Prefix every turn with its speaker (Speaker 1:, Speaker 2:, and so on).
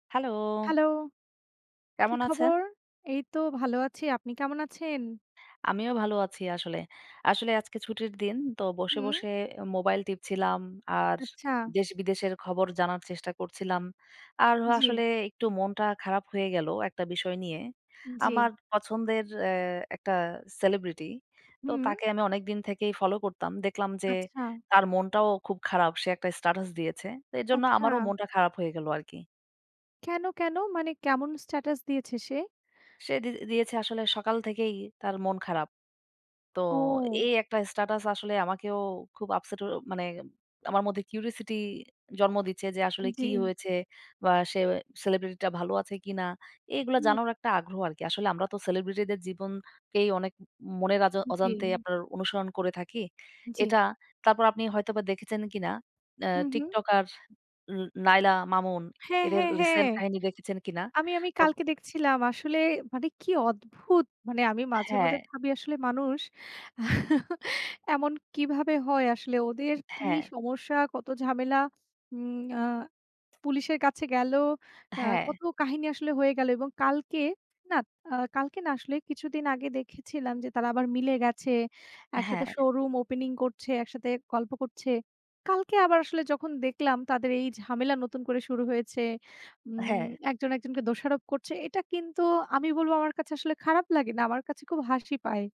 Speaker 1: Hello.
Speaker 2: Hello. কী
Speaker 1: কেমন আছেন?
Speaker 2: খবর? এই তো ভালো আছি। আপনি কেমন আছেন?
Speaker 1: আমিও ভালো আছি আসলে। আসলে আজকে ছুটির দিন তো বসে,
Speaker 2: হুম।
Speaker 1: বসে এ মোবাইল টিপছিলাম, আর
Speaker 2: আচ্ছা।
Speaker 1: দেশ-বিদেশের খবর জানার চেষ্টা করছিলাম। আর অ
Speaker 2: জি।
Speaker 1: আসলে একটু মনটা খারাপ হয়ে গেল একটা বিষয় নিয়ে।
Speaker 2: জি।
Speaker 1: আমার পছন্দের এ একটা সেলিব্রিটি। তো
Speaker 2: হুম।
Speaker 1: তাকে আমি অনেকদিন থেকেই ফলো করতাম। দেখলাম যে
Speaker 2: আচ্ছা।
Speaker 1: তার মনটাও খুব খারাপ। সে একটা স্ট্যাটাস দিয়েছে। তো এজন্য আমারও
Speaker 2: আচ্ছা।
Speaker 1: মনটা খারাপ হয়ে গেল আরকি।
Speaker 2: কেন কেন? মানে কেমন স্ট্যাটাস দিয়েছে সে?
Speaker 1: সে দি দিয়েছে আসলে, সকাল থেকেই তার মন খারাপ। তো
Speaker 2: ও।
Speaker 1: এই একটা স্ট্যাটাস আসলে আমাকেও খুব আপসেট অ মানে আমার মধ্যে curosity জন্ম দিচ্ছে যে
Speaker 2: আ
Speaker 1: আসলে কি
Speaker 2: জি।
Speaker 1: হয়েছে? বা, সে সেলিব্রিটিটা ভালো আছে কিনা? এগুলো
Speaker 2: হুম।
Speaker 1: জানারও একটা আগ্রহ আরকি। আসলে আমরা তো সেলিব্রিটিদের জীবনকেই অনেক ম মনের
Speaker 2: উ জি।
Speaker 1: অজান্তে আপনার অনুসরণ করে থাকি,
Speaker 2: জি।
Speaker 1: এটা। তারপর আপনি হয়তোবা দেখেছেন কিনা? আ
Speaker 2: হুম, হু।
Speaker 1: টিকটকার উ নায়লা মামুন
Speaker 2: হ্যাঁ,
Speaker 1: এদের
Speaker 2: হ্যাঁ, হ্যাঁ।
Speaker 1: রিসেন্ট কাহিনী দেখেছেন কিনা?
Speaker 2: আমি আমি
Speaker 1: তো
Speaker 2: কালকে দেখছিলাম আসলে। মানে কি অদ্ভুত! মানে আমি মাঝে, মাঝে
Speaker 1: হ্যাঁ।
Speaker 2: ভাবি আসলে মানুষ এমন কিভাবে হয় আসলে? ওদের কি
Speaker 1: হ্যাঁ।
Speaker 2: সমস্যা? কত ঝামেলা? উম আ পুলিশের কাছে গেল, আ
Speaker 1: হ্যাঁ।
Speaker 2: কত কাহিনী আসলে হয়ে গেল এবং কালকে না, আ কালকে না আসলে, কিছুদিন আগে দেখেছিলাম যে তারা আবার মিলে গেছে। একসাথে
Speaker 1: হ্যাঁ।
Speaker 2: শোরুম ওপেনিং করছে, একসাথে গল্প করছে। কালকে আবার আসলে যখন দেখলাম তাদের এই ঝামেলা নতুন করে শুরু হয়েছে। উম
Speaker 1: হ্যাঁ।
Speaker 2: একজন, একজনকে দোষারোপ করছে। এটা কিন্তু আমি বলবো আমার কাছে আসলে খারাপ লাগে না। আমার কাছে খুব হাসি পায়।